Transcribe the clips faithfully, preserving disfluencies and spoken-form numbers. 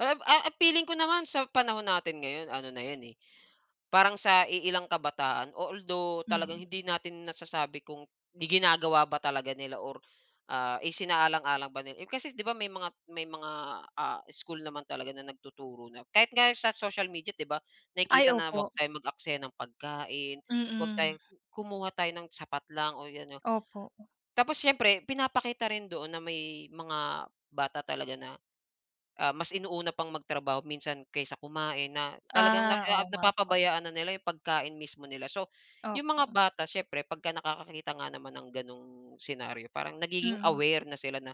Ah, eh, feeling ko naman sa panahon natin ngayon ano na 'yon, eh, parang sa iilang kabataan although Hmm. talagang hindi natin nasasabi kung ginagawa ba talaga nila or, ah, isinaalang-alang ba nila. Eh, kasi di ba, may mga may mga, ah, school naman talaga na nagtuturo na kahit nga sa social media di ba nakikita Ay, na 'wag opo. tayong mag-aksaya ng pagkain, 'wag Mm. tayong kumuha tayo ng sapat lang o ano. Opo. Tapos siyempre pinapakita rin doon na may mga bata talaga na, ah, mas inuuna pang magtrabaho minsan kaysa kumain na talagang na Ah, oo nga po. napapabayaan na nila yung pagkain mismo nila. So, yung mga Opo. bata siyempre pag nakakakita nga naman ng ganong scenario parang nagiging Mm. aware na sila na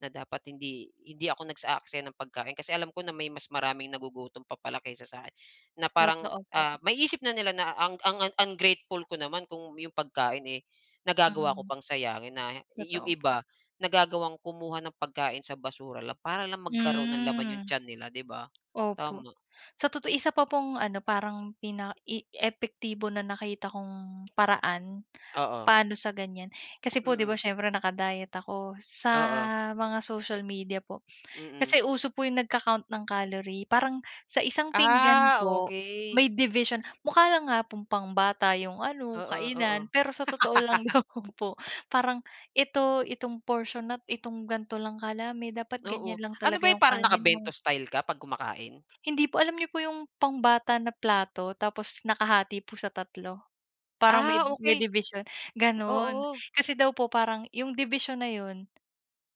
na, "Dapat hindi hindi ako nag-aaksaya ng pagkain kasi alam ko na may mas maraming nagugutom pa pala kaysa sa'kin," na parang, Totoo po. ah, maisip na nila na ang ang ungrateful ko naman kung yung pagkain, eh, nagagawa ko Hmm. pang sayangin na yung Totoo po. iba nagagawang kumuha ng pagkain sa basura lang para lang magkaroon ng laman yung Hmm. tiyan nila 'di ba? Opo Tama. sa totoo isa pa pong ano, parang pina i epektibo na nakita kong paraan Oo. paano sa gan'yan, kasi po 'di ba Mm. siyempre naka-diet ako sa Oo. mga social media po. Mm. Kasi uso po 'yong nagka-ccount ng calorie parang sa isang pinggan Ah, po okey. may division, mukha lang nga pong pang bata yung ano Oo, oo. kainan pero sa totoo lang lang naman po parang ito, itong portion nat itong ganito lang kadami dapat Oo, ganyan lang ano ba talaga 'yan, yung parang kanin mo. nakabento style ka 'pag kumakain? Hindi po, alam nyo po yung pambata na plato tapos nakahati po sa tatlo parang may Ah, may okey. dibisyon gano'n. Oo. Kasi daw po parang 'yong dibisyon na 'yon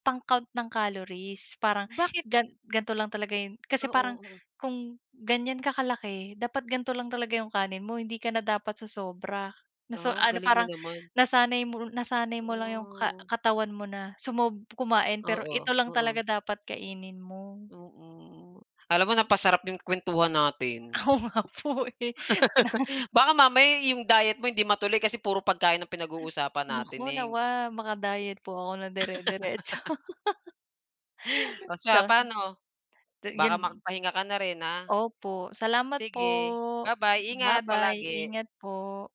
pang-count ng calories parang Bakit? gan gan'to lang talaga 'yon kasi parang Oo. kung ganyan ka kalaki dapat ganto lang talaga 'yong kanin mo hindi ka na dapat sosobra, na sa Ah, ang ano, galing mo parang naman. nasanay mo nasanay mo lang 'yong ka Hmm. katawan mo na sumob kumain pero Oo, ito lang oo. talaga dapat kainin mo. Mm, alam mo napasarap 'yong kuwentuhan natin. Oo, nga po, eh, na. Baka mamaya yung diet mo hindi matuloy kasi puro pagkain ng pinag-uusapan Naku natin, eh. nawa maka-diet po ako na dere-deretso. Oh, siya [unintelligible] paano 'to baka 'yon. makapahinga ka na rin ha. Opo salamat po. Sige babay, ingat Babay, palagi. ingat po.